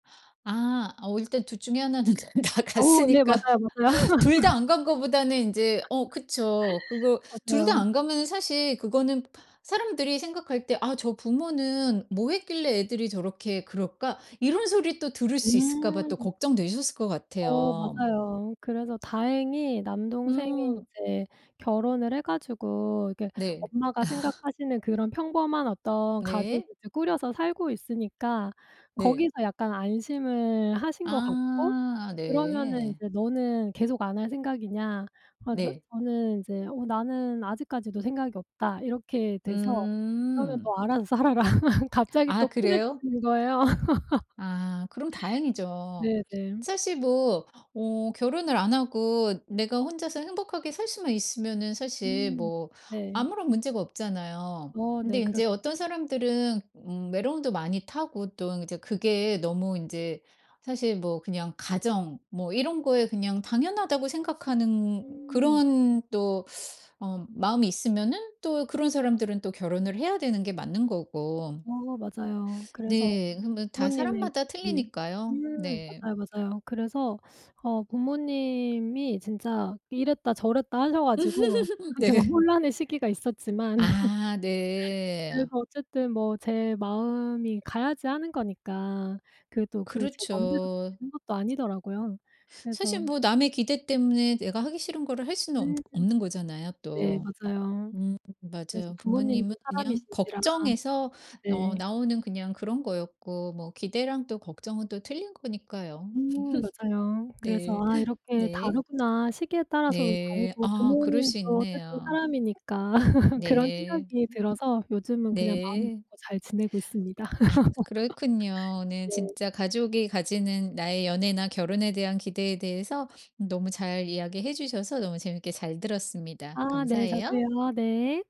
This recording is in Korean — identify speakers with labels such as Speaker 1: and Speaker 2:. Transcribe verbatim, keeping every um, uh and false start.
Speaker 1: 아 어 일단 둘 중에 하나 는 다
Speaker 2: 어 네.
Speaker 1: 갔으니까
Speaker 2: 맞아요, 맞아요.
Speaker 1: 둘 다 안 간 거보다는 인제 어 그쵸. 그거 둘 다
Speaker 2: 맞아요.
Speaker 1: 안 가면은 사실 그거는 사람들이 생각할 때 '아 저 부모는 뭐 했길래 애들이 저렇게 그럴까?' 이런 소리 또 들을 수 있을까봐 또
Speaker 2: 음.
Speaker 1: 걱정되셨을 것
Speaker 2: 어
Speaker 1: 같아요.
Speaker 2: 맞아요. 그래서 다행히 남동생이
Speaker 1: 음.
Speaker 2: 이제 결혼을 해 가지고 이렇게
Speaker 1: 네.
Speaker 2: 엄마가 생각하시는 그런 평범한 어떤 가족을
Speaker 1: 네.
Speaker 2: 이제 꾸려서 살고 있으니까
Speaker 1: 네.
Speaker 2: 거기서 약간 안심을 하신 것 같고
Speaker 1: 아
Speaker 2: 그러면은
Speaker 1: 네.
Speaker 2: 이제 "너는 계속 안 할 생각이냐." 아 나
Speaker 1: 네.
Speaker 2: 저는 이제 "어 나는 아직까지도 생각이 없다." 이렇게 돼서 "그러면
Speaker 1: 음.
Speaker 2: 너 알아서 살아라." 갑자기
Speaker 1: 아
Speaker 2: 또
Speaker 1: 그래요?
Speaker 2: 후려치는 거예요.
Speaker 1: 아 그럼 다행이죠.
Speaker 2: 네네.
Speaker 1: 사실 뭐 어 결혼을 안 하고 내가 혼자서 행복하게 살 수만 있으면은 사실
Speaker 2: 음
Speaker 1: 뭐
Speaker 2: 네.
Speaker 1: 아무런 문제가 없잖아요.
Speaker 2: 어
Speaker 1: 근데
Speaker 2: 네.
Speaker 1: 인제
Speaker 2: 그렇죠.
Speaker 1: 어떤 사람들은 음 외로움도 많이 타고 또 이제 그게 너무 인제 사실 뭐 그냥 가정 뭐 이런 거에 그냥 당연하다고 생각하는
Speaker 2: 음.
Speaker 1: 그런 또 어 마음이 있으면은 또 그런 사람들은 또 결혼을 해야 되는 게 맞는 거고.
Speaker 2: 어 맞아요. 그래서
Speaker 1: 네. 그 뭐 다
Speaker 2: 부모님의
Speaker 1: 사람마다
Speaker 2: 네
Speaker 1: 틀리니까요,
Speaker 2: 음
Speaker 1: 네.
Speaker 2: 맞아요, 맞아요. 그래서 어 부모님이 진짜 이랬다저랬다 하셔가지고 제가
Speaker 1: 네.
Speaker 2: 혼란의 시기가 있었지만
Speaker 1: 아 네.
Speaker 2: 그래도 어쨌든 뭐 제 마음이 가야지 하는 거니까 그게 또 그 제 맘대로
Speaker 1: 그렇죠.
Speaker 2: 되는 것도 아니더라고요. 그래서
Speaker 1: 사실 뭐 남의 기대 때문에 내가 하기 싫은 거를 할 수는 없
Speaker 2: 음
Speaker 1: 없는 거잖아요
Speaker 2: 네.
Speaker 1: 또.
Speaker 2: 맞아요.
Speaker 1: 음
Speaker 2: 그래서
Speaker 1: 맞아요.
Speaker 2: 부모님도
Speaker 1: 부모님은 그냥
Speaker 2: 사람이신지라.
Speaker 1: 걱정해서
Speaker 2: 네.
Speaker 1: 어 나오는 그냥 그런 거였고 뭐 기대랑 또 걱정은 또 틀린 거니까요.
Speaker 2: 음 맞아요. 그래서
Speaker 1: 네.
Speaker 2: '아 이렇게
Speaker 1: 네.
Speaker 2: 다르구나. 시기에 따라서도
Speaker 1: 네.
Speaker 2: 다르고
Speaker 1: 아 그럴
Speaker 2: 부모님도
Speaker 1: 수
Speaker 2: 어쨌든
Speaker 1: 있네요.
Speaker 2: 사람이니까.' 그런
Speaker 1: 네.
Speaker 2: 생각이 들어서 요즘은 그냥 마음을
Speaker 1: 네.
Speaker 2: 놓고 잘 지내고 있습니다.
Speaker 1: 아 그렇군요. 오늘
Speaker 2: 네.
Speaker 1: 진짜 가족이 가지는 나의 연애나 결혼에 대한 기대에 대해서 너무 잘 이야기해 주셔서 너무 재밌게 잘 들었습니다.
Speaker 2: 아 네.
Speaker 1: 감사해요.
Speaker 2: 저도요. 네.